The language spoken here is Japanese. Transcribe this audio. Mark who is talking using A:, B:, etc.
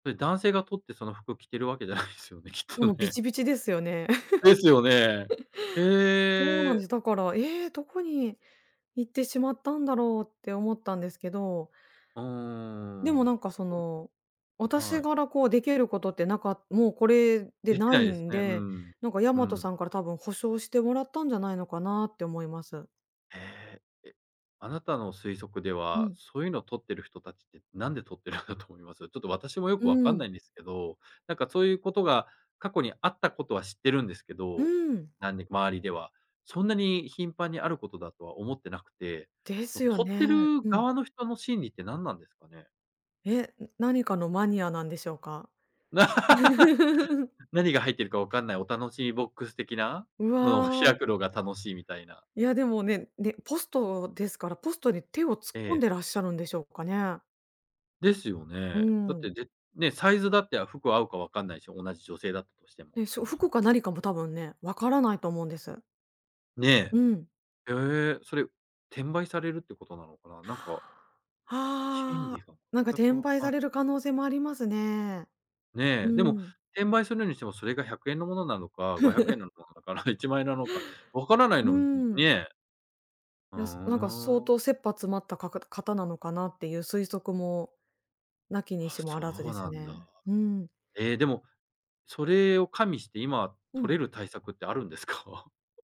A: それ男性がとってその服着てるわけじゃないすよね、きっ
B: で
A: と
B: もビチ
A: ね。
B: ビチですよね。
A: ですよね。
B: そうなん
A: ええ。
B: です。だから「ええ、どこに行ってしまったんだろう」って思ったんですけど
A: うー
B: でもなん
A: ん。
B: かその
A: あ、
B: 私
A: はい。
B: がらこうできることってなかもうこれで
A: でき
B: な
A: ない
B: い
A: です
B: ん
A: ね、う
B: で、
A: ん、
B: なんかヤ
A: う
B: マト
A: ん。
B: さんから多分補償してもらったんじゃないのかなって思います。
A: ええ、え、あなたの推測で
B: う
A: は、
B: ん。
A: そういうのを取ってる人たちって、なんで取ってるんだと思います？ちょっと私もよ
B: う
A: くわか
B: ー
A: ん
B: ん。
A: ないんですけど、なんかそういうことが過去にあったことは知ってるんですけ
B: う
A: ど、
B: ーん。
A: なんで周りでは、そんなに頻繁にあることだとは思ってなくて、
B: で
A: そ
B: す
A: の
B: よ
A: 取っ
B: ね。
A: てる
B: うん。
A: 側の人の心理って何なんですかね？
B: え、何かのマニアなんでしょうか？
A: 何が入ってるかわかんないお楽しみボックス的な
B: う
A: のを
B: わ。
A: 開くのが楽しいみたいな。
B: や、でもねん、で、ポストですからポストに手を突っ
A: え
B: 込ん
A: え。
B: でらっしゃるんでしょうかね？
A: ですよ
B: うー
A: ね。だって、
B: ん。
A: で、ね、サイズだって、あ、服合うかわかんないしょ、同じ女性だったとしても
B: でしょ、
A: 犯人。
B: 服か何かも多分ね、分からないと思うんです。
A: ね。
B: うん。
A: へえ、それ、う転売されるってことなのかな？なんか 心
B: あ
A: 理
B: あ。
A: が
B: なんか
A: たく
B: 転
A: わ
B: 売
A: か
B: さ
A: ん
B: れる可能性もありますね。う
A: ね。でも
B: ーん。
A: 転売するにしても、それが100円のものなのか、ごひゃくえ んのものだから、1万円なのかわかなない
B: う
A: のうん、
B: ーん。
A: にえ。ふ
B: や、すなんか相
A: ーん。
B: 当切羽詰まったかく方なのかなっていう推測も、無きに
A: あ、
B: しもあ
A: そ
B: らずで
A: う
B: す
A: なんだ。
B: ね。うん。
A: え、でも、それを加味して今
B: う
A: 取
B: ん。
A: れる対策ってあるんですか？